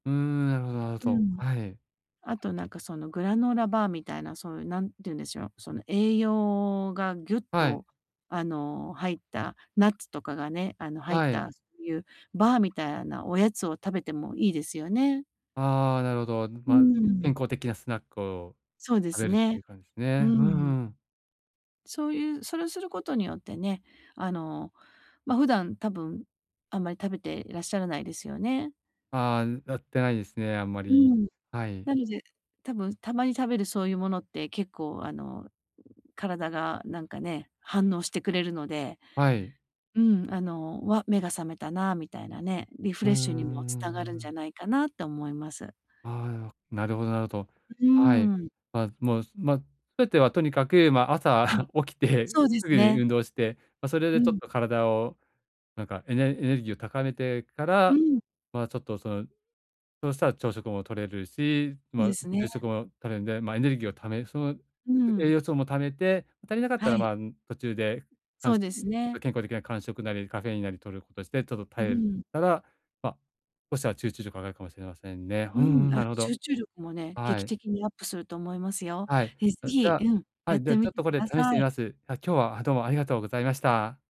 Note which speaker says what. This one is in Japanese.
Speaker 1: うーん、なるほどなるほ
Speaker 2: う
Speaker 1: ど。
Speaker 2: ん。
Speaker 1: はい。
Speaker 2: あとなんかそのグラノーラバーみたいなそういう何て言うんでしょう。その栄養がギュッ
Speaker 1: はい。
Speaker 2: と、あの、入ったナッツとかがね。あの、入っ
Speaker 1: はい。
Speaker 2: たそういうバーみたいなおやつを食べてもいいですよね。
Speaker 1: ああ、なるほど。
Speaker 2: う
Speaker 1: ま、
Speaker 2: ー
Speaker 1: 健
Speaker 2: ん。
Speaker 1: 康的なスナックを
Speaker 2: そうで
Speaker 1: 食
Speaker 2: す
Speaker 1: べるって
Speaker 2: ね。
Speaker 1: いう感じです
Speaker 2: うー
Speaker 1: ね。う
Speaker 2: ん。
Speaker 1: んうん。
Speaker 2: そういうそれをすることによってね。あの、ま、普段多分あんまり食べていらっしゃらないですよね？
Speaker 1: ああ、なってないですね。あんま
Speaker 2: う
Speaker 1: り、
Speaker 2: ん。
Speaker 1: はい。
Speaker 2: なので多分たまに食べるそういうものって結構、あの、体がなんかね、反応してくれるので、
Speaker 1: はい。
Speaker 2: うん。あの、わっ、目が覚めたな。みたいなね、リフ
Speaker 1: うん
Speaker 2: レッ
Speaker 1: う
Speaker 2: シュにも繋
Speaker 1: んう
Speaker 2: がる
Speaker 1: んう
Speaker 2: んじゃ
Speaker 1: ん。
Speaker 2: ないかなって思います。
Speaker 1: ああ、なろなるほどなるほど。
Speaker 2: ん、
Speaker 1: はい。
Speaker 2: うーん。
Speaker 1: まあ、もう、ま、すべてはとにかく、まあ、
Speaker 2: は
Speaker 1: 朝
Speaker 2: い。
Speaker 1: 起きて
Speaker 2: そうで
Speaker 1: すぐ
Speaker 2: す
Speaker 1: に
Speaker 2: ね。
Speaker 1: 運動して、ま、それ
Speaker 2: う
Speaker 1: でちょっ
Speaker 2: ん。
Speaker 1: と体をなんかエネエネルギーを高めてか
Speaker 2: う
Speaker 1: ら、
Speaker 2: ん。
Speaker 1: まあちょっと、その、そうしたら朝食もとれるし、
Speaker 2: そうで
Speaker 1: ま、
Speaker 2: すね。
Speaker 1: 昼食も取れるんで、まあエネルギーを貯めその
Speaker 2: う
Speaker 1: 栄
Speaker 2: ん。
Speaker 1: 養素も貯めて、足りなかった
Speaker 2: は
Speaker 1: ら、
Speaker 2: い。
Speaker 1: まあ、ん、途中でか
Speaker 2: そ
Speaker 1: ん
Speaker 2: う
Speaker 1: し
Speaker 2: で
Speaker 1: ょん、ま
Speaker 2: す
Speaker 1: あ、
Speaker 2: ね。
Speaker 1: 健康的な間食なりカフェインなりとることして、ちょっと
Speaker 2: う
Speaker 1: 耐える
Speaker 2: ん。
Speaker 1: たら、ま、そしたら集中力上がるかもしれませんね。う
Speaker 2: う
Speaker 1: んう
Speaker 2: ん。
Speaker 1: ん、
Speaker 2: あ、
Speaker 1: なるほど。
Speaker 2: 集中力もね、
Speaker 1: は
Speaker 2: 劇
Speaker 1: い。
Speaker 2: 的にアップすると思いますよ。
Speaker 1: はい。
Speaker 2: え、ぜ
Speaker 1: あ、じゃ
Speaker 2: ひ、うん。
Speaker 1: あ、は
Speaker 2: やっ
Speaker 1: い。で
Speaker 2: て
Speaker 1: はち
Speaker 2: み
Speaker 1: ょっ
Speaker 2: て
Speaker 1: とこ
Speaker 2: く
Speaker 1: れ
Speaker 2: だ
Speaker 1: 試して
Speaker 2: さ
Speaker 1: み
Speaker 2: い。
Speaker 1: ます。あ、今日はどうもありがとうございました。